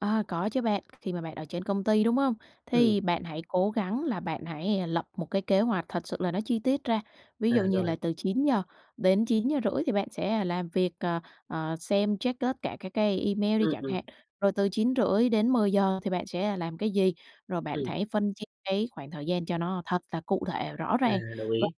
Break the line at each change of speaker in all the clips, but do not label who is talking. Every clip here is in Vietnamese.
Ờ, có chứ bạn, khi mà bạn ở trên công ty, đúng hông?
Ừm.
Thì bạn hãy cố gắng là bạn hãy lập một cái kế hoạch thật sự là nó chi tiết ra, ví
À,
dụ như
rồi.
là từ 9:00-9:30 thì bạn sẽ làm việc, ờ, ờ, xem, check tất cả các cái email đi
Ừm,
chẳng
ừm.
hạn, rồi từ 9:30-10:00 thì bạn sẽ làm cái gì? Rồi bạn
Ừm.
hãy phân chia cái khoảng thời gian cho nó thật là cụ thể, rõ
À,
ràng.
đồng
Và
ý.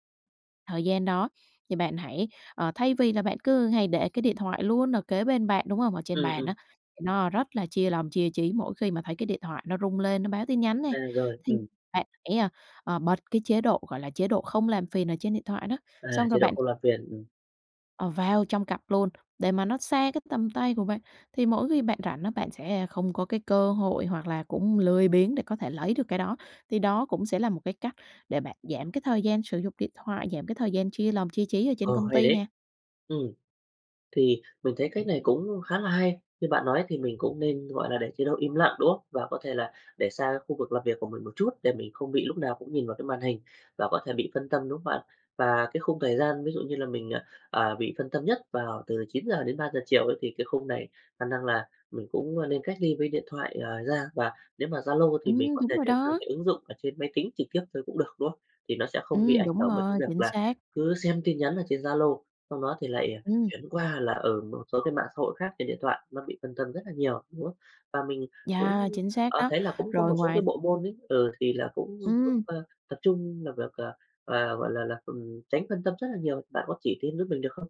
thời gian đó thì bạn hãy, ờ, thay vì là bạn cứ hay để cái điện thoại luôn ở kế bên bạn, đúng hông? Ở trên
Ừm,
bàn
ừm.
á, thì nó rất là chia lòng, chia trí mỗi khi mà thấy cái điện thoại nó rung lên, nó báo tin nhắn nè,
À, rồi,
thì
ừm.
bạn hãy, à, ờ, bật cái chế độ, gọi là, chế độ không làm phiền ở trên điện thoại đó.
À,
Xong
chế
rồi
độ
bạn
không làm phiền. Ừm.
Ờ, vào trong cặp luôn để mà nó xa cái tầm tay của bạn, thì mỗi khi bạn rảnh á, bạn sẽ không có cái cơ hội hoặc là cũng lười biếng để có thể lấy được cái đó. Thì đó cũng sẽ là một cái cách để bạn giảm cái thời gian sử dụng điện thoại, giảm cái thời gian chia lòng, chia trí ở trên
Ờ,
công
hay
ty
đấy.
nè.
Ừm. Thì mình thấy cách này cũng khá là hay, như bạn nói thì mình cũng nên, gọi là, để chế độ im lặng, đúng không? Và có thể là để xa khu vực làm việc của mình một chút để mình không bị lúc nào cũng nhìn vào cái màn hình và có thể bị phân tâm, đúng không bạn? Và cái khung thời gian ví dụ như là mình, ờ, à, bị phân tâm nhất vào từ 9:00-3:00 chiều ấy thì cái khung này khả năng là mình cũng, ờ, nên cách ly với điện thoại, ờ, ra, và nếu mà Zalo thì mình
Ừm,
có
đúng
thể
rồi
chuyển sang
đó.
cái ứng dụng ở trên máy tính trực tiếp thôi cũng được, đúng không? Thì nó sẽ không bị
Ừm,
ảnh
đúng
hưởng bởi cái
rồi,
việc
chính
là
xác.
cứ xem tin nhắn ở trên Zalo, xong đó thì lại, ờ,
Ừm.
chuyển qua là, ừ, một số cái mạng xã hội khác trên điện thoại, nó bị phân tâm rất là nhiều, đúng không? Và mình cũng,
Yeah, chính xác
ờ,
đó.
thấy là cũng có một
Rồi
số cái
ngoài
bộ môn ấy, ừ, thì là cũng giúp,
Ừm.
ơ, tập trung làm việc, ờ, ờ, gọi là là, ừm, tránh phân tâm rất là nhiều, bạn có chỉ thêm giúp mình được không?